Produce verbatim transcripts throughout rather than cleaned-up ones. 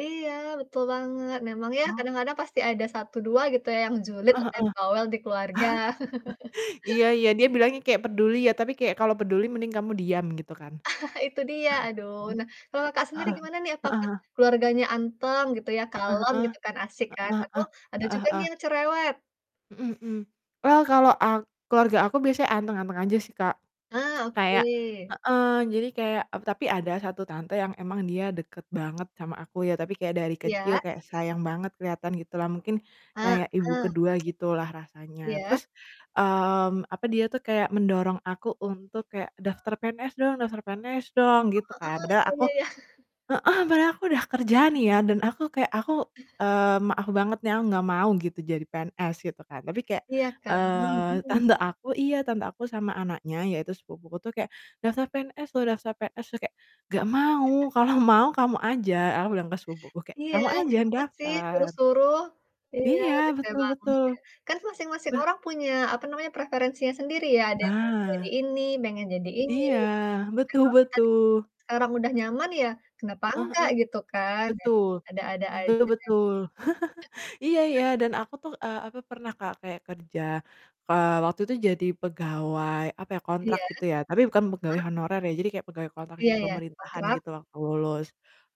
Iya, betul banget, memang ya Oh. kadang-kadang pasti ada satu dua gitu ya, yang julid Heeh atau heeh. yang bawel di keluarga. Iya iya, dia bilangnya kayak peduli ya, tapi kayak kalau peduli mending kamu diam, gitu kan. Itu dia, aduh, nah, kalau Kakak sendiri gimana nih, Heeh apakah heeh. keluarganya anteng gitu ya, Heeh kalem heeh, gitu kan, asik kan, heeh atau heeh, ada heeh juga nih heeh. yang cerewet? Mhm mhm. Well kalau ak keluarga aku biasanya anteng-anteng aja sih, Kak. Ah, Kayak oke. heeh, jadi kayak eb tapi ada satu tante yang emang dia deket banget sama aku ya, tapi kayak dari kecil Iya. kayak sayang banget, kelihatan gitu lah, mungkin kayak Ibu Heeh. kedua gitu lah rasanya. Iya. Terus, mmm, apa, dia tuh kayak mendorong aku untuk kayak, "Daftar PNS dong daftar PNS Oh, dong!" Gitu kan, kayak heeh, padahal aku iya iya iya. heeh, padahal aku udah kerja nih ya, dan aku kayak aku, eee, maaf banget nih, aku nggak mau gitu jadi PNS, gitu kan, tapi kayak, Iya kan, eee, mhm. tante aku iya, tante aku sama anaknya, yaitu sepupuku tuh, kayak, "Daftar PNS loh daftar PNS loh!" Kayak, "Gak mau, kalau mau, kamu aja," aku bilang ke sepupuku kayak, Iya, "Kamu aja kenapa sih daftar." suruh-suruh. Iya, Iya, rese betul banget betul. deh. Kan masing-masing Beh orang punya, apa namanya, preferensinya sendiri ya, ada yang pengen jadi Nah. ini, pengen jadi ini, Iya, gitu kan. Nah, betul kalo kitanya betul. sekarang udah nyaman ya kenapa Heeh heeh. enggak, gitu kan ya. Betul, Ada-ada aja. betul, iya iya, dan aku tuh, eee, apa, pernah, Kak, kayak kerja, eee, waktu itu jadi pegawai, apa ya, Iya. kontrak gitu ya, tapi bukan pegawai Heeh. honorer ya, jadi kayak pegawai kontrak Iya di iya, pemerintahan kontrak? gitu, waktu lulus.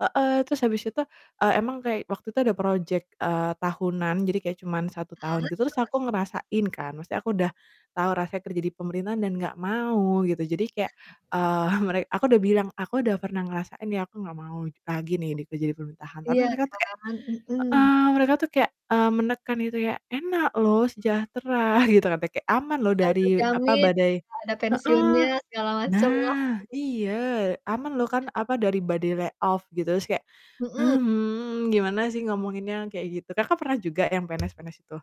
Heeh, terus habis itu, eee, emang kayak waktu itu ada project, eee, tahunan, jadi kayak cuman satu tahun Heeh, gitu, terus terus? aku ngerasain kan, maksudnya aku udah tahu rasanya kerja di pemerintahan dan gak mau, gitu. Jadi kayak, eee, mere aku udah bilang, "Aku udah pernah ngerasain ya, aku gak mau lagi nih kerja di pemerintahan," tapi Iya mereka tuh kayak kan? Mhm. heeh, mereka tuh kayak, eee, menekan itu ya, "Enak loh, sejahtera," gitu katanya, kayak, aman loh Ah, dari, apa, terjamin, badai ada heeh. pensiunnya, segala macem lah. Nah, iya, "Aman loh kan, apa, dari badai lay off," gitu. Terus kayak, Mhm. "Hmm, gimana sih ngomonginnya," kayak gitu. Kakak pernah juga yang PNS-PNS itu?